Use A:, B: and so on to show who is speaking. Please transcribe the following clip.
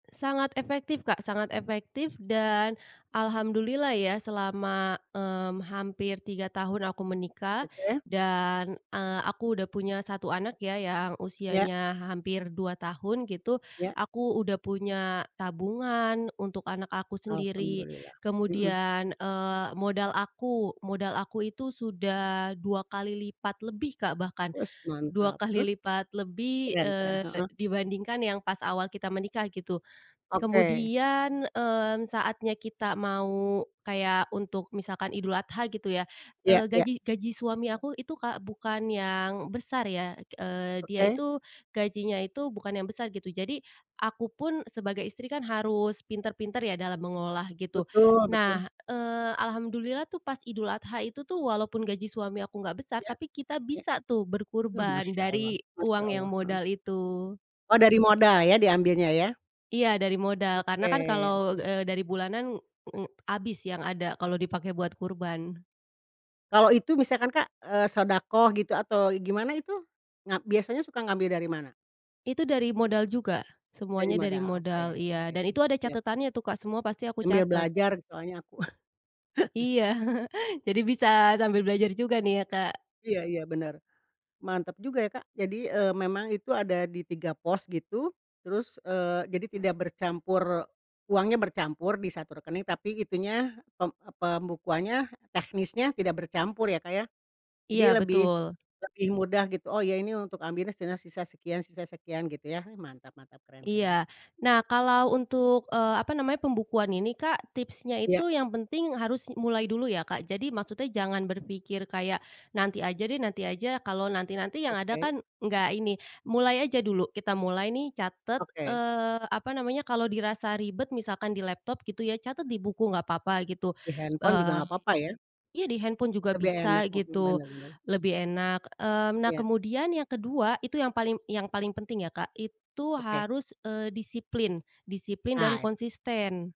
A: Sangat efektif, Kak, sangat efektif, dan alhamdulillah ya, selama, mmm, hampir 3 tahun aku menikah,
B: Oke.
A: dan, eee, aku udah punya 1 anak ya, yang
B: Ya.
A: usianya hampir 2 tahun gitu.
B: Ya.
A: Aku udah punya tabungan untuk anak aku sendiri.
B: Alhamdulillah. Mhm.
A: Kemudian, eee, modal aku modal aku itu sudah 2 kali lipat lebih, Kak, bahkan
B: Wes,
A: dua
B: mantap.
A: kali
B: Terus?
A: lipat lebih,
B: Keren keren,
A: eee,
B: heeh.
A: dibandingkan yang pas awal kita menikah gitu.
B: Oke.
A: Kemudian, eee, saatnya kita mau kayak untuk misalkan Idul Adha gitu ya,
B: Ya
A: eee,
B: ya.
A: gaji gaji suami aku itu, Kak, bukan yang besar ya, eee, dia
B: Oke.
A: itu gajinya itu bukan yang besar gitu. Jadi aku pun sebagai istri kan harus pintar-pintar ya dalam mengolah gitu.
B: Betul
A: Nah,
B: betul.
A: eee, alhamdulillah tuh pas Idul Adha itu tuh, walaupun gaji suami aku enggak besar,
B: Iya.
A: tapi kita
B: Iya.
A: bisa tuh
B: Oh,
A: berkurban
B: Masya Allah
A: dari
B: Masya
A: uang yang
B: Allah. Heeh.
A: modal itu.
B: Oh, dari modal ya diambilnya ya?
A: Iya dari modal, karena
B: Oke
A: kan kalau,
B: oke.
A: eee, dari bulanan ng habis yang ada kalau dipakai buat kurban.
B: Kalau itu misalkan, Kak, eee, shodaqoh gitu atau gimana itu, ngap biasanya suka ngambil dari mana?
A: Itu dari modal juga.
B: Dari
A: Semuanya dari
B: modal, oke
A: modal iya
B: oke.
A: dan itu ada
B: Siap.
A: catatannya tuh, Kak, semua pasti aku
B: Sambil
A: catat.
B: belajar soalnya aku.
A: Iya jadi bisa sambil belajar juga nih ya, Kak.
B: Iya iya benar, mantap juga ya, Kak. Jadi, eee, memang itu ada di 3 pos gitu. Terus, eee, jadi tidak bercampur uangnya bercampur di 1 rekening, tapi itunya, pem e pembukuannya, teknisnya tidak bercampur ya, Kak, ya. Jadi
A: Iya
B: lebih
A: betul.
B: lebih mudah gitu, "Oh ya, ini untuk ambilnya setengah, sisa sekian sisa sekian," gitu ya. Ih, mantap mantap, keren keren.
A: Iya, nah, kalau untuk, eee, apa namanya, pembukuan ini, Kak, tipsnya
B: Iya.
A: itu yang penting harus m mulai dulu ya, Kak. Jadi maksudnya jangan berpikir kayak, "Nanti aja deh, nanti aja," kalau nanti-nanti yang ada
B: Oke.
A: kan enggak ini. Mulai aja dulu, kita mulai nih catat,
B: Oke.
A: eee, apa namanya, kalau dirasa ribet misalkan di laptop gitu ya, catat di buku enggak apa-apa gitu,
B: Di handphone juga
A: eee
B: enggak apa-apa ya?
A: iya, di handphone juga
B: Lebih
A: bisa
B: enak, mhm,
A: gitu,
B: benar benar.
A: lebih enak, eee. Nah,
B: Iya.
A: kemudian yang kedua itu, yang paling yang paling penting ya, Kak, itu
B: Oke.
A: harus, eee, disiplin. Disiplin, dan
B: Ae
A: konsisten.